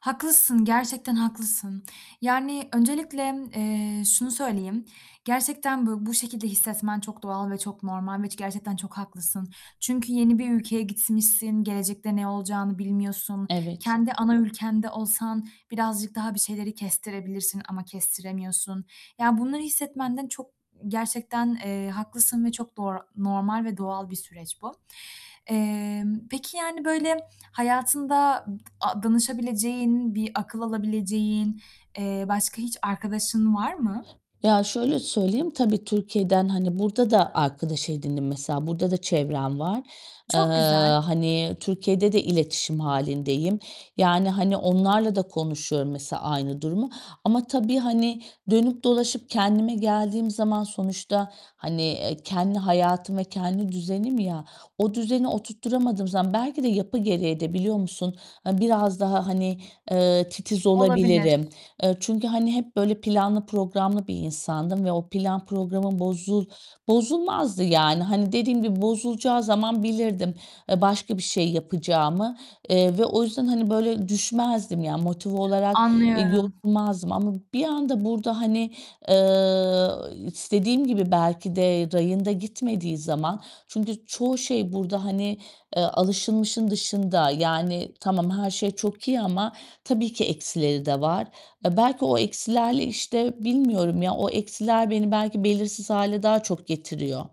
Haklısın, gerçekten haklısın, yani, öncelikle, eee, şunu söyleyeyim, gerçekten bu bu şekilde hissetmen çok doğal ve çok normal ve ç gerçekten çok haklısın. Çünkü yeni bir ülkeye gitmişsin, gelecekte ne olacağını bilmiyorsun, Evet. kendi ana ülkende olsan birazcık daha bir şeyleri kestirebilirsin ama kestiremiyorsun, yani, bunları hissetmenden çok gerçekten, eee, haklısın ve çok doğr normal ve doğal bir süreç bu. Emm, peki, yani, böyle hayatında ıp t danışabileceğin, bir akıl alabileceğin, eee, başka hiç arkadaşın var mı? Ya, şöyle söyleyeyim, tabii Türkiye'den, hani, burada da arkadaş edindim, mesela, burada da çevrem var. Eee, Çok güzel. hani, Türkiye'de de iletişim hâlindeyim, yani, hani, onlarla da konuşuyorum, mesela, aynı durumu ama tabii, hani, dönüp dolaşıp kendime geldiğim zaman sonuçta, hani, eee, kendi hayatım ve kendi düzenim ya, o düzeni oturtturamadığım zaman belki de yapı gereği de biliyor musun a biraz daha, hani, eee, titiz Olabilir. olabilirim. Eee, çünkü, hani, hep böyle planlı programlı bir insandım ve o plan programım bozul bozulmazdı yani. Hani, dediğim gibi bozulacağı zaman bilirdim e başka bir şey yapacağımı, eee, ve o yüzden, hani, böyle düşmezdim, yani, motive olarak e Anlıyorum. yorulmazdım ama bir anda burada, hani, eee, istediğim gibi belki de rayında gitmediği zaman çünkü çoğu şey burada, hani, eee, alışılmışın dışında. Yani tamam, her şey çok iyi ama tabii ki eksileri de var. A belki o eksilerle, işte, bilmiyorum ya o eksiler beni belki belirsiz hâle daha çok getiriyor.